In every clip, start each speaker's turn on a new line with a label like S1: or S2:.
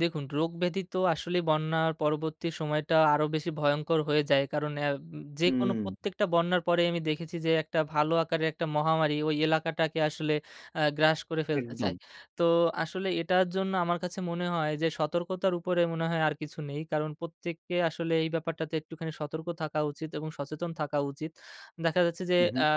S1: দেখুন রোগ ব্যাধি তো আসলেই বন্যার পরবর্তী সময়টা আরো বেশি ভয়ংকর হয়ে যায়, কারণ অ্যা যে কোনো
S2: হুম।
S1: প্রত্যেকটা বন্যার পরে আমি দেখেছি যে, একটা ভালো আকারে একটা মহামারি ওই এলাকাটাকে আসলে অ্যা গ্রাস করে ফেলতে চায়,
S2: একদম।
S1: তো আসলে এটার জন্য আমার কাছে মনে হয় যে, সতর্কতার উপরে মনে হয় আর কিছু নেই, কারণ প্রত্যেককে আসলে এই ব্যাপারটাতে একটুখানি সতর্ক থাকা উচিত এবং সচেতন থাকা উচিত দেখা যাচ্ছে যে,
S2: হু, হু।
S1: অ্যা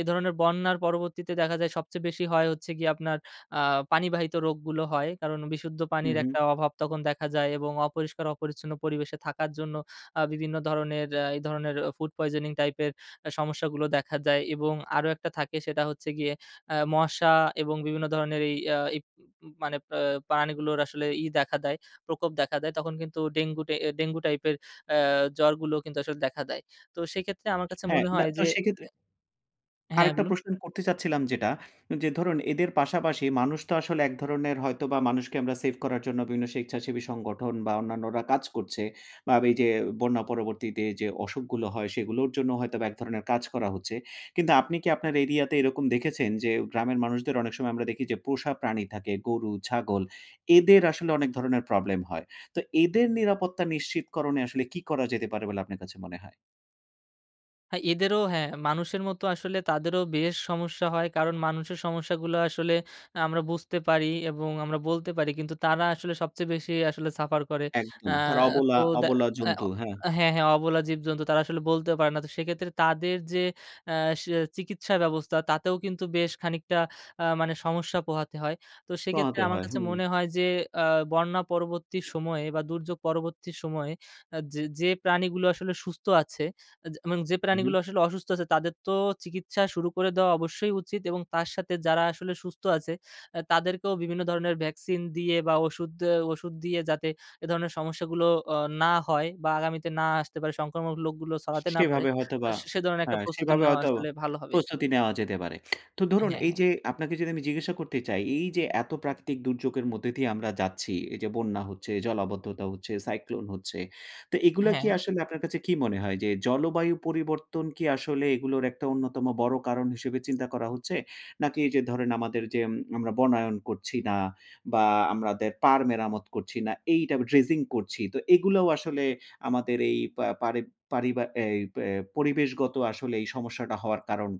S1: এ ধরনের বন্যার পরবর্তীতে দেখা যায় সবচেয়ে বেশি হয় হচ্ছে গিয়ে, আপনার আ পানিবাহিত রোগগুলো হয়। কারণ বিশুদ্ধ
S2: হু,
S1: পানির
S2: হু।
S1: একটা অভাব তখন দেখা যায় এবং অপরিষ্কার অপরিচ্ছন্ন পরিবেশে থাকার জন্য, আ বিভিন্ন ধরনের এই ধরনের ফুড পয়জনিং টাইপের সমস্যা গুলো দেখা যায় এবং আরো একটা থাকে, সেটা হচ্ছে গিয়ে আ মশা এবং বিভিন্ন ধরনের এই আ প প মানে পা পানি গুলোর আসলে ই দেখা দেয়, প্রকোপ দেখা দেয়। তখন কিন্তু ডেঙ্গু আ ডেঙ্গু টাইপের অ্যা জ্বরগুলো কিন্তু আসলে দেখা দেয়। তো সেক্ষেত্রে আমার কাছে
S2: হ্যাঁ,
S1: মনে হয়
S2: তো
S1: যে
S2: সেক্ষেত্রে
S1: হ্যাঁ,
S2: আরেকটা
S1: বলুন।
S2: প্রশ্ন করতে চাচ্ছিলাম যেটা যে, ধরুন এদের পাশাপাশি মানুষ তো আসলে এক ধরনের হয়তো বা মানুষকে আমরা সেভ করার জন্য বিভিন্ন স্বেচ্ছাসেবী সংগঠন বা অন্যান্যরা কাজ করছে বা এই যে বন্যা পরবর্তীতে যে, অসুখগুলো হয় সেগুলোর জন্য হয়তো বা এক ধরণের কাজ করা হচ্ছে। কিন্তু আপনি কি আপনার এরিয়া তে এরকম দেখেছেন যে, গ্রামের মানুষদের অনেক সময় আমরা দেখি যে, পোষা প্রাণী থাকে, গরু, ছাগল এদের আসলে অনেক ধরনের প্রবলেম হয়। তো এদের নিরাপত্তা নিশ্চিতকরণে আসলে কি করা যেতে পারে বলে আপনার কাছে মনে হয়?
S1: হ্যাঁ, এদেরও হ্যাঁ, মানুষের মতো আসলে তাদেরও বেশ সমস্যা হয়, কারণ মানুষের সমস্যাগুলো আসলে আমরা বুঝতে পারি এবং আমরা বলতে পারি, কিন্তু তারা আসলে সবচেয়ে বেশি আসলে সাফার করে।
S2: একদম
S1: অ্যা
S2: তার অবলা,
S1: তো
S2: অবলা জন্তু, হ্যাঁ।
S1: হ্যাঁ, হ্যাঁ, অবলা জীবজন্তু তারা আসলে বলতে পারে না, তো সেক্ষেত্রে তাদের যে, আ চিকিৎসা ব্যবস্থা তাতেও কিন্তু বেশ খানিকটা আ মানে সমস্যা পোহাতে হয়, তো সেক্ষেত্রে
S2: পোহাতে
S1: আমার
S2: হয়।
S1: কাছে মনে হয় যে, আ বন্যা পরবর্তী সময়ে বা দুর্যোগ পরবর্তী সময়ে যে, যে প্রাণীগুলো আসলে সুস্থ আছে এবং যে
S2: হু,
S1: প্রাণীগুলো
S2: হু।
S1: আসলে অসুস্থ আছে, তাদের তো চিকিৎসা শুরু করে দেওয়া অবশ্যই উচিত এবং তার সাথে যারা আসলে সুস্থ আছে, আ তাদেরকেও বিভিন্ন ধরনের ভ্যাকসিন দিয়ে বা ওষুধ ওষুধ দিয়ে যাতে এ ধরনের সমস্যাগুলো, আ না হয় বা আগামীতে না আসতে পারে, সংক্রামক রোগগুলো ছড়াতে না পারে,
S2: সেভাবে
S1: তো
S2: হয়তোবা
S1: সে ধরনের একটা
S2: হ্যাঁ,
S1: প্রস্তুতি
S2: সেভাবে
S1: নেওয়া
S2: হয়তো
S1: আসলে ভালো হবে।
S2: প্রস্তুতি নেওয়া যেতে পারে। তো ধরুন
S1: হ্যাঁ,
S2: এই
S1: হ্যাঁ।
S2: যে, আপনাকে যদি আমি জিজ্ঞাসা করতে চাই, এই যে এত প্রাকৃতিক দুর্যোগের মধ্যে দিয়ে আমরা যাচ্ছি। এই যে বন্যা হচ্ছে, জলাবদ্ধতা হচ্ছে, সাইক্লোন হচ্ছে। তো এগুলা কি
S1: হ্যাঁ।
S2: আসলে আপনার কাছে কি মনে হয়? যে জলবায়ু পরিবর্তন কি আসলে এগুলোর একটা অন্যতম বড় কারণ হিসেবে চিন্তা করা হচ্ছে? নাকি যে ধরেন, আমাদের যে আমরা বনায়ন করছি না বা আমাদের পাড় মেরামত করছি না, এইটা ড্রেজিং করছি। তো এগুলোও আসলে আমাদের এই পা পারি পারিবা অ্যা অ্যা পরিবেশগত আসলে এই সমস্যাটা হওয়ার কারণ?